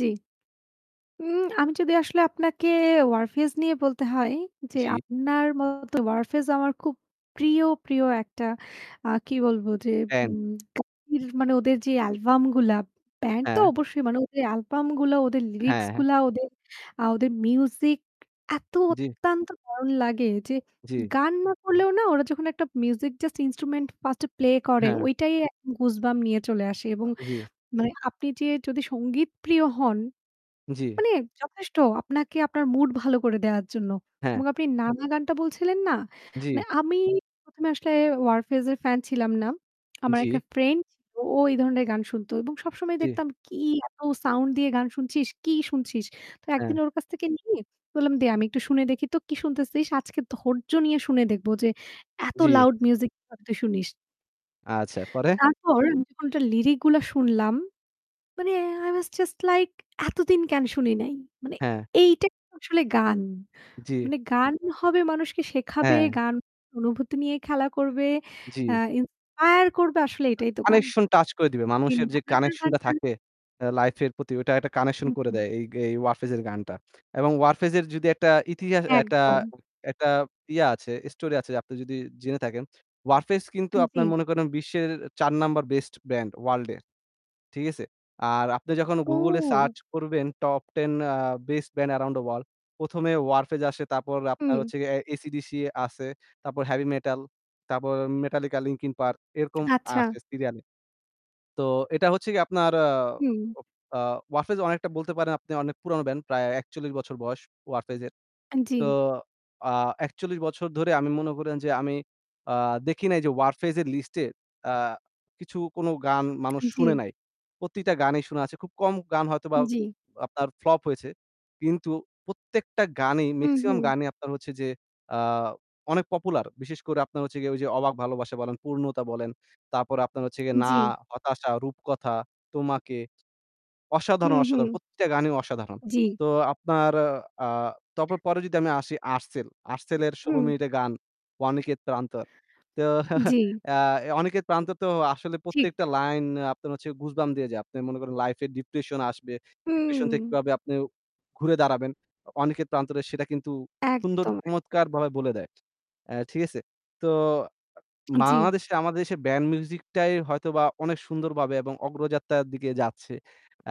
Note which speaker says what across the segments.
Speaker 1: জি। উম আমি যদি আসলে আপনাকে Warfaze নিয়ে বলতে হয় যে
Speaker 2: জি।
Speaker 1: আপনার মতো Warfaze আমার খুব প্রিয়, প্রিয় একটা আ কি বলবো যে
Speaker 2: ফ্যান।
Speaker 1: উম ka মানে ওদের যে অ্যালবাম গুলা ব্যান্ড তো
Speaker 2: হ্যাঁ।
Speaker 1: অবশ্যই মানে ওদের অ্যালবাম গুলো, ওদের লিরিক্স
Speaker 2: হ্যাঁ, হ্যাঁ।
Speaker 1: গুলা ওদের আ ওদের মিউজিক, এত
Speaker 2: জি।
Speaker 1: অত্যন্ত দারুণ লাগে যে
Speaker 2: জি।
Speaker 1: গান না করলেও না ওরা যখন একটা মিউজিক just instrument ফার্স্ট এ প্লে করে,
Speaker 2: হ্যাঁ।
Speaker 1: ঐটাই goosebump নিয়ে চলে আসে। এবং
Speaker 2: জি।
Speaker 1: মানে আপনি যে যদি সঙ্গীতপ্রিয় হন,
Speaker 2: জি।
Speaker 1: মানে যথেষ্ট আপনাকে আপনার মুড ভালো করে দেয়ার জন্য।
Speaker 2: হ্যাঁ।
Speaker 1: এবং আপনি "না, না" গানটা বলছিলেন না? মানে
Speaker 2: জি।
Speaker 1: আমি ১ম এ আসলে Warfaze এর ফ্যান ছিলাম না। আমার
Speaker 2: জি।
Speaker 1: একটা ফ্রেন্ড ছিল। ও এই ধরনের গান শুনতো। এবং সবসময়
Speaker 2: জি।
Speaker 1: দেখতাম কি এত সাউন্ড দিয়ে গান শুনছিস, কি শুনছিস? তো একদিন
Speaker 2: হ্যাঁ।
Speaker 1: ওর কাছ থেকে নিয়ে বললাম "দে আমি একটু শুনে দেখি তো কি শুনতেছিস? আজকে ধৈর্য নিয়ে শুনে দেখব যে এত
Speaker 2: জি।
Speaker 1: লাউড মিউজিক কিভাবে তুই শুনিস?"
Speaker 2: আচ্ছা, পরে?
Speaker 1: তারপর আমি যখন ওটার লিরিক গুলো শুনলাম, মানে আই ওয়াজ জাস্ট লাইক "এতদিন কেন শুনি নাই!" মানে
Speaker 2: হ্যাঁ।
Speaker 1: এইটাইতো আসলে গান।
Speaker 2: জি।
Speaker 1: মানে গান হবে মানুষকে শেখাবে,
Speaker 2: হ্যাঁ।
Speaker 1: গান অনুভূতি নিয়ে খেলা করবে, অ্যা
Speaker 2: জি।
Speaker 1: ইন্সপায়ার করবে আসলে এটাই তো গান।
Speaker 2: কানেকশন টাচ করে দিবে। মানুষের যে কানেকশন টা
Speaker 1: [unintelligible]
Speaker 2: থাকে অ্যা লাইফ এর প্রতি ওইটা একটা
Speaker 1: হু,
Speaker 2: কানেকশন করে
Speaker 1: হু।
Speaker 2: দেয় এই এই Warfaze এর গানটা। এবং Warfaze এর যদি একটা ইতিহা একটা
Speaker 1: একদম।
Speaker 2: একটা ইয়া আছে স্টোরি আছে আপনি যদি জেনে থাকেন। Warfaze কিন্তু
Speaker 1: আম
Speaker 2: আপনার
Speaker 1: জি।
Speaker 2: মনে করেন বিশ্বের ৪ নাম্বার বেস্ট ব্র্যান্ড, ওয়ার্লড-এ, ঠিক আছে? আর আপনি যখন Google এ
Speaker 1: ও।
Speaker 2: সার্চ করবেন top 10 a best band around the world ১ম এ Warfaze আসে তারপর আপনার
Speaker 1: হুম।
Speaker 2: হচ্ছে giye AC/DC আছে। তারপর হেভি মেটাল তারপর Metallica, Linkin Park এরকম
Speaker 1: আচ্ছা।
Speaker 2: আসে সিরিয়ালে। তো এটা হচ্ছে গিয়ে আপনার আ
Speaker 1: হুম।
Speaker 2: ও আ Warfaze অনেকটা বলতে পারেন আপনি অনেক পুরনো ব্যান্ড প্রায় ৪১ বছর বয়স Warfaze এর।
Speaker 1: আ জি।
Speaker 2: তো আ ৪১ বছর ধরে আমি মনে করেন যে আমি আ দেখি নাই যে Warfaze এর লিস্টে আ কিছু কোন গান
Speaker 1: আ
Speaker 2: মানুষ শুনে
Speaker 1: জি।
Speaker 2: নাই। প্রতিটা গানই শুনা আছে। খুব কম গান হয়তোবা
Speaker 1: জি।
Speaker 2: আপনার ফ্লপ হয়েছে। কিন্তু প্রত্যেকটা গানেই
Speaker 1: হু,
Speaker 2: মেক্সিমাম
Speaker 1: হু।
Speaker 2: গানই আপনার হচ্ছে যে আ অনেক পপুলার। বিশেষ করে আপনার হচ্ছে গিয়ে ওই যে "অবাক ভালোবাসা" বলেন, "পূর্ণতা" বলেন। তারপরে আপনার হচ্ছে গিয়ে "না,
Speaker 1: জি।
Speaker 2: হতাশা, রূপকথা, তোমাকে।"
Speaker 1: হুম,
Speaker 2: অসাধারণ,
Speaker 1: হুম।
Speaker 2: অসাধারণ প্রতিটা গানই অসাধারণ।
Speaker 1: জি।
Speaker 2: তো আপনার আ তাপ পরে যদি আমি আসি Artcell। Artcell এর ১৬
Speaker 1: হু।
Speaker 2: মিনিটের গান "অনিকেত প্রান্তর।" তো
Speaker 1: জি।
Speaker 2: "অনিকেত প্রান্তর" তো আসলে
Speaker 1: ঠিক।
Speaker 2: প্রত্যেকটা লাইন আপনার হচ্ছে goosebump দিয়ে যায়। আপনি মনে করেন লাইফে ডিপ্রেশন আসবে, ডিপ্রেশন থেকে
Speaker 1: হুম।
Speaker 2: কিভাবে আপনি ঘুরে দাঁড়াবেন? অ অনিকেত প্রান্তরে সেটা কিন্তু সুন্দর
Speaker 1: একদম।
Speaker 2: চমৎকার বলায় বলে দেয়। অ্যা ঠিক আছে? তো আ
Speaker 1: উ জি।
Speaker 2: বাংলাদেশে আমাদের দেশে ব্যান্ড মিউজিকটাই হয়তোবা অনেক সুন্দরভাবে এবং অগ্রযাত্রার দিকে যাচ্ছে,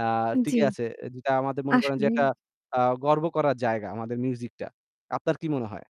Speaker 2: আ
Speaker 1: জি।
Speaker 2: টিকে আছে। যেটা আমাদের মনে করেন যে
Speaker 1: আসলেই।
Speaker 2: একটা আ গর্ব করার জায়গা আমাদের মিউজিকটা। আপনার কি মনে হয়?